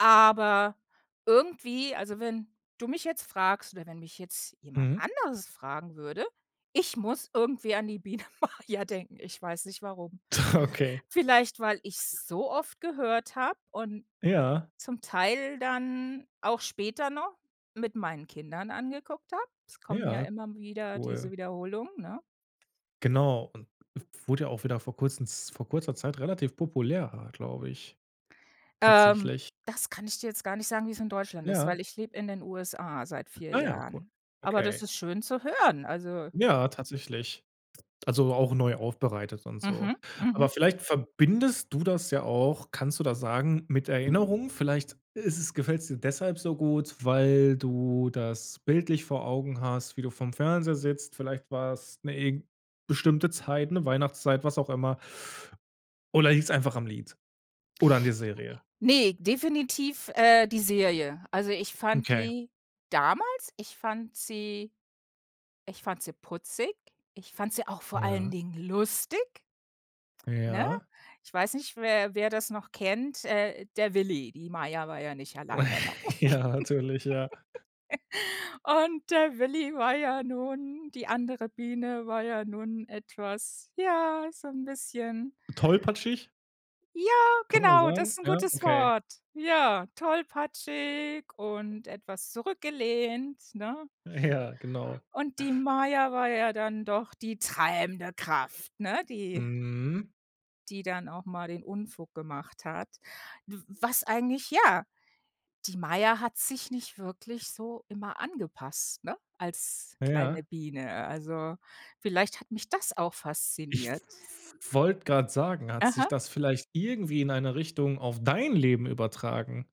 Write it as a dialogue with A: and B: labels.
A: Aber, irgendwie, also wenn du mich jetzt fragst oder wenn mich jetzt jemand
B: Mhm.
A: anderes fragen würde, ich muss irgendwie an die Biene Maja denken. Ich weiß nicht warum.
B: Okay.
A: Vielleicht, weil ich's so oft gehört hab und
B: Ja.
A: zum Teil dann auch später noch mit meinen Kindern angeguckt habe. Es kommen ja
B: Ja,
A: immer m wieder diese
B: cool.
A: Wiederholungen, ne?
B: Genau und w wurde ja auch wieder vor Kurzem Z vor kurzer Zeit relativ populär, ah, glaube ich,
A: Ähm,
B: tatsächlich.
A: das kann ich dir jetzt gar nicht sagen, wie es in Deutschland ist,
B: Ja.
A: weil ich lebe in den USA seit 4
B: Ah ja, cool.
A: Jahren. Aber das
B: Okay.
A: ist schön zu hören, also
B: Ja, tatsächlich. Also, auch neu aufbereitet und so.
A: Mhm.
B: Aber
A: Mhm.
B: vielleicht verbindest du das ja auch kannst du das sagen, mit Erinnerung? Vielleicht ist es gefällt's dir deshalb so gut, weil du das bildlich vor Augen hast, wie du vorm Fernseher sitzt. Vielleicht war's 'ne irg bestimmte Zeit, 'ne Weihnachtszeit, was auch immer. Oder liegt's einfach am Lied oder an der Serie?
A: Ne, definitiv, äh, die Serie. Also ich fand
B: Okay.
A: die damals ich fand sie ich fand sie putzig, ich fand sie auch vor allen
B: Ja.
A: Dingen lustig, ne?
B: Ja.
A: Ich weiß nicht, wer wer das noch kennt, äh, der Willi, die Maja war ja nicht alleine, ne?
B: Ja, natürlich, ja.
A: Und, der Willi war ja nun die andere Biene war ja nun etwas, ja, so 'n bisschen
B: Tollpatschig?
A: ja,
B: Kann man das
A: genau, das
B: sagen?
A: ist 'n
B: Ja,
A: gutes
B: okay.
A: Wort. Ja, tollpatschig und etwas zurückgelehnt, ne?
B: Ja, genau.
A: Und die Maja war ja dann doch die treibende Kraft, ne, die
B: Mhm.
A: die dann auch mal den Unfug gemacht hat. W was eigentlich ja, die Maya hat sich nicht wirklich so immer angepasst, ne, als kleine
B: Ja.
A: Biene, also, vielleicht hat mich das auch
B: Ich w
A: fasziniert.
B: wollt grad sagen, hat sich
A: Aha.
B: das vielleicht irgendwie in eine Richtung auf dein Leben übertragen?